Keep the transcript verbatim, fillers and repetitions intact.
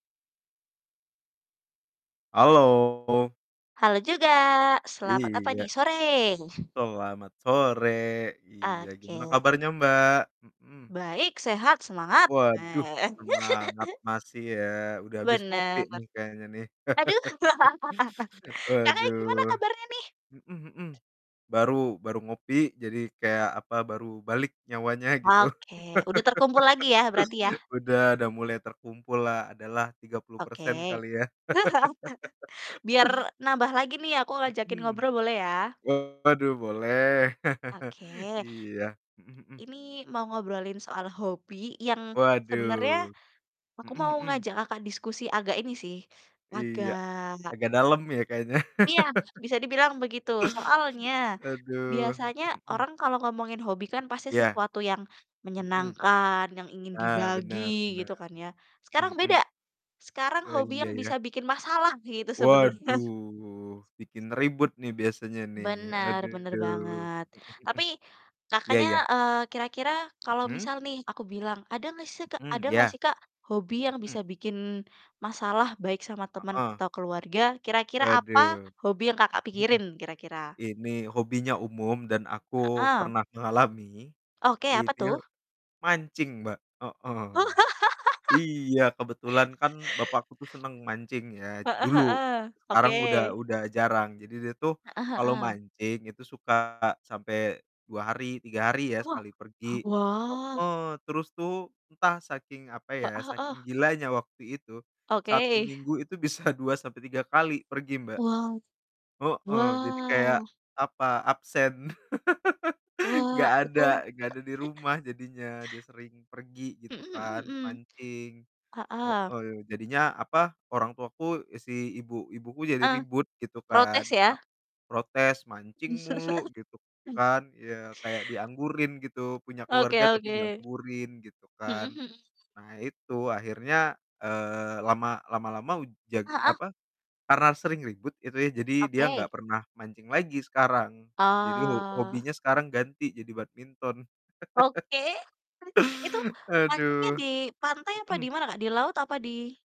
Halo. Halo juga. Selamat apa nih? Iya. Sore. Selamat sore. Iya, gimana Oke. kabarnya, Mbak? Mhm. Baik! Sehat! Semangat! Waduh Nah semangat masih ya, udah habis ngopi Bener. nih kayaknya nih? Aduh. Kakaknya, gimana Waduh, kabarnya nih? mhm mhm, baru baru ngopi jadi kayak, apa, baru balik nyawanya gitu. Oke, udah terkumpul lagi ya, berarti ya? Udah udah mulai terkumpul lah adalah tiga puluh persen Oke. kali ya. Biar nambah lagi nih aku ngajakin Mhm, ngobrol boleh ya? waduh boleh. Oke. Iya, mhm mhm. Ini mau ngobrolin soal hobi yang sebenarnya Waduh, aku mau mhm mhm. ngajak Kakak diskusi agak ini sih, wah Iya, agak agak dalam ya kayaknya? Iya, bisa dibilang begitu. Soalnya, Aduh, biasanya mhm mhm. orang kalau ngomongin hobi kan pasti Iya. sesuatu yang Mhm. menyenangkan, yang ingin Nah, dibagi benar benar. gitu kan ya. Sekarang Mhm. beda, sekarang Oh hobi iya, yang ya. bisa bikin masalah gitu, sebenarnya. Waduh, bikin ribut nih biasanya nih, Bener bener aduh. banget. Mhm mhm. Tapi Iya Kakaknya, iya. eee, kira-kira kalau Mhm? misal nih aku bilang ada nggak seh Kak Mhm, ada nggak iya. sih Kak, hobi yang Mhm. bisa bikin masalah, baik sama teman Heeh. atau keluarga, kira-kira apa Waduh. hobi yang Kakak, Mhm mhm. pikirin kira-kira? Ini hobinya umum dan aku Heeh. pernah ngalami, Oke, ini apa l tuh? mancing Mbak, heeh. Oh. Iya, kebetulan kan bapakku tuh senang mancing ya Heeh dulu, heeh. sekarang udah Oke. udah jarang, jadi dia tuh Heeh kalau heeh. mancing itu suka sampai dua hari, tiga hari ya, Wah, sekali pergi. wah. Heeh, terus tuh entah saking, apa ya, Heeh heeh. saking gilanya waktu itu, satu Oke. minggu itu bisa dua sampai tiga kali pergi Mbak, Wow. heeh, jadi kayak, Wow. apa, absen. Wah, Nggak itu ada nggak ada di rumah jadinya, dia sering pergi Mhm gitu mhm kan mhm. mancing. Heeh. Heeh, jadinya, apa, orang tuaku, si ibu ibuku jadi Eh, ribut gitu protes kan, pa ya? protes, "Mancing mulu!" Gitu kan, iya kayak dianggurin gitu, punya Oke keluarga tapi oke. dianggurin gitu Mhm kan. mhm. Nah, itu akhirnya, eee, lama lama-lama u jag Heeh. apa, karena sering ribut itu ya, jadi dia nggak Oke. pernah mancing lagi sekarang, jadi ho Oh. hobinya sekarang ganti jadi badminton. Oke. Itu mancingnya Aduh. di pantai apa di Mhm. mana, Kak? Di laut apa di